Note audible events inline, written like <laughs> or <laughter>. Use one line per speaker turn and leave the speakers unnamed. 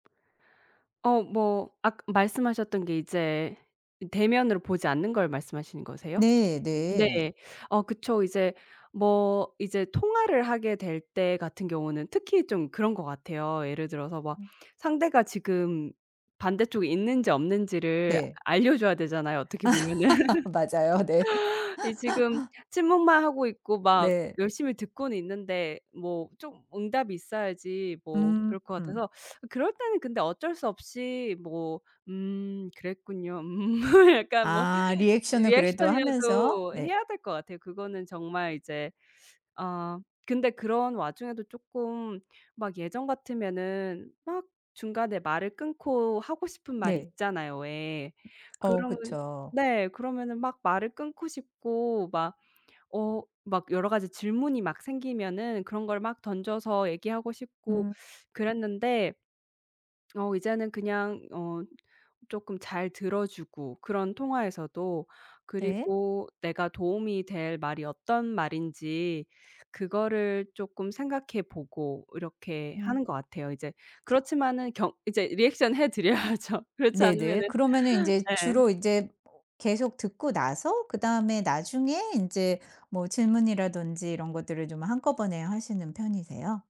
어 뭐 아까 말씀하셨던 게 이제 이 대면으로 보지 않는 걸 말씀하시는 거세요?
네
네.
네.
어 그쵸. 이제 뭐 이제 통화를 하게 될 때 같은 경우는 특히 좀 그런 것 같아요. 예를 들어서 막
음.
상대가 지금 반대쪽에 있는지 없는지를
네.
알려 줘야 되잖아요, 어떻게 보면은.
<laughs> 맞아요. 네.
이 지금
<laughs>
침묵만 하고 있고 막
네.
열심히 듣고는 있는데 뭐 좀 응답이 있어야지 뭐 그럴 것
음.
같아서 <sucks teeth> 그럴 때는 근데 어쩔 수 없이 뭐 "음 그랬군요. 음." 약간 뭐
아 리액션을 그래도 하면서
리액션이라도
네.
해야 될 것 같아요. 그거는 정말 이제 아 근데 그런 와중에도 쪼끔 막 예전 같으면은 막 중간에 말을 끊고 하고 싶은 말
네.
있잖아요 왜.
어
그러면
그쵸.
네 그러면은 막 말을 끊고 싶고 막 어 막 여러 가지 질문이 막 생기면은 그런 걸 막 던져서 얘기하고 싶고
음.
그랬는데 어 이제는 그냥 어 쪼끔 잘 들어 주고 그런 통화에서도
네.
그리고 내가 도움이 될 말이 어떤 말인지 그거를 쪼끔 생각해 보고 이렇게
음.
하는 것 같아요 이제. 그렇지마는 경 이제 리액션 해 드려야죠. 그렇지
네네.
않으면은
그러면은 인제
예.
주로 인제 계속 듣고 나서 그다음에 나중에 인제 뭐 질문이라든지 이런 것들을 좀 한꺼번에 하시는 편이세요?